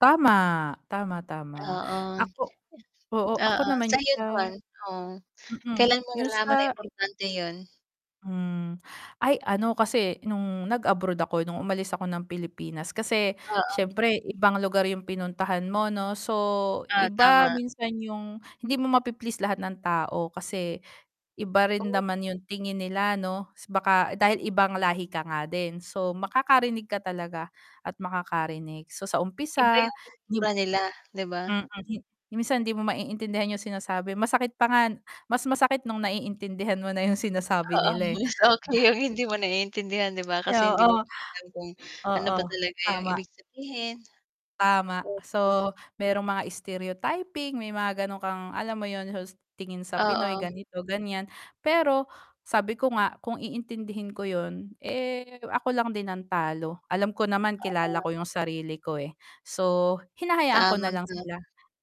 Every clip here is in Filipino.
Tama, tama, tama. Oo. Ako oo ako Oo, naman yung sa'yo sa naman oh mm, kailan mo yung nalaman na sa importante 'yun? Hmm. Ay, ano kasi nung nag-abroad ako, nung umalis ako ng Pilipinas kasi Oo. syempre ibang lugar yung pinuntahan mo 'no, so Ah, iba tama. minsan yung hindi mo mapi-please lahat ng tao kasi iba rin Oh. naman yung tingin nila 'no. Baka dahil ibang lahi ka nga din so makakarinig ka talaga at makakarinig so sa Iba umpisa yung kultura nila 'di ba? Mm, minsan hindi mo maiintindihan yung sinasabi masakit pa nga mas masakit nung naiintindihan mo na yung Oo, sinasabi nila eh. okay yung hindi mo naiintindihan 'di ba, kasi hindi mo Oo. alam kung ano Oo, ba talaga yung tama. ibig sabihin. Tama. Mm. So merong mga stereotyping may mga gano'n kang, alam mo yun hust tingin sa Pinoy Oo. ganito, ganyan. Pero sabi ko nga kung iintindihin ko yun eh, ako lang din ang talo. Alam ko naman kilala [unintelligible] ko yung sarili ko eh, so hinahayaan ko Tama na lang ka. sila.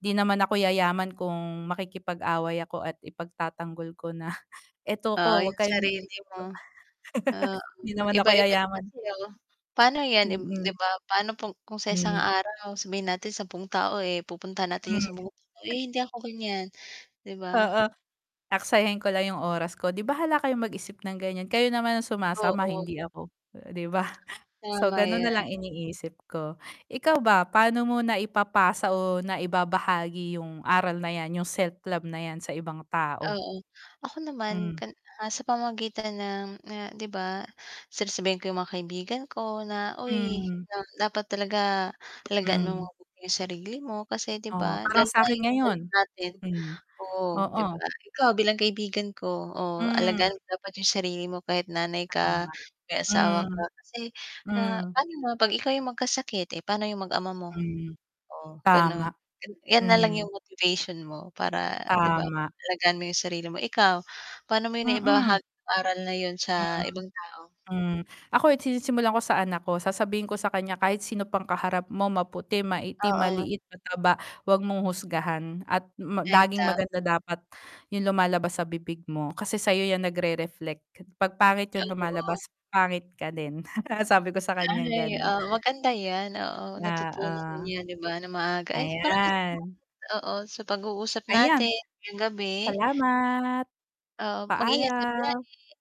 'Di naman ako yayaman kung makikipag-away ako at ipagtatanggol ko na eto Oo, 'ko wag yung kayong sarili mo. Ah, 'Di naman ako iba-iba din yayaman. kasi oh pa'no yan im 'di Mm. ba pa'no kung sa isang Hmm araw, sabihin natin 10 tao eh, pupuntahan natin yung sa Hm. mu [unintelligible] eh, hindi ako ganyan, 'di ba? Oo. Aksayahin ko lang yung oras ko 'di bahala kayong mag-isip ng ganyan, kayo naman ang sumasama Oo. hindi ako, 'di ba. So Tama ganun 'yan. nalang iniisip ko, ikaw ba pa'no mo na ipapasa o naibabahagi yung aral na 'yan, yung self-love na 'yan sa ibang tao? Oo. Ako naman Hmm. kan ah, sa pamamagitan ng na 'di ba sasabihin ko yung mga kaibigan ko na, uy Hmm. dapat talaga alagaan mo Mhm. mabuti yung sarili mo kasi 'di Oo, ba. parang Lalo na sakin yung ngayon, [unintelligible] natin, mhm. oo, 'di Oo. ba. Ikaw bilang kaibigan ko, oh, Hmm. alagaan mo dapat yung sarili mo kahit nanay ka, Tama, may asawa ka, hmm, kasi, ah, hmm. pa'no naman 'pag ikaw yung magkasakit, eh, pa'no yung mag-ama mo? Hmm, Oh ganun, tama. 'yan nalang Hmm. yung motivation mo para 'di ba Tama. alagaan mo yung sarili mo. Ikaw pa'no mo yung naibaha Mm. aral na yun sa Hmm. ibang tao? Hmm. Ako eh, sinisimulan ko sa anak ko, sasabihin ko sa kanya kahit sino pang kaharap mo maputi, maitim, Oo. maliit, mataba, 'wag mong husgahan at ma Ay, laging maganda tama. dapat yung lumalabas sa bibig mo. Kasi sayo 'yan nagre-reflect. 'Pag pangit yung Ay, oo. lumalabas, pangit ka din sabi ko sa kanyang Ay, ganon. ah, maganda 'yan, oo. Natutunan Oo. 'yan 'di ba na maaga ay marami [unintelligible] Ayan. oo, sa pag-uusap Ayan, natin ngayong gabi. salamat. Oo, mag-ingat ka Paalam. palagi.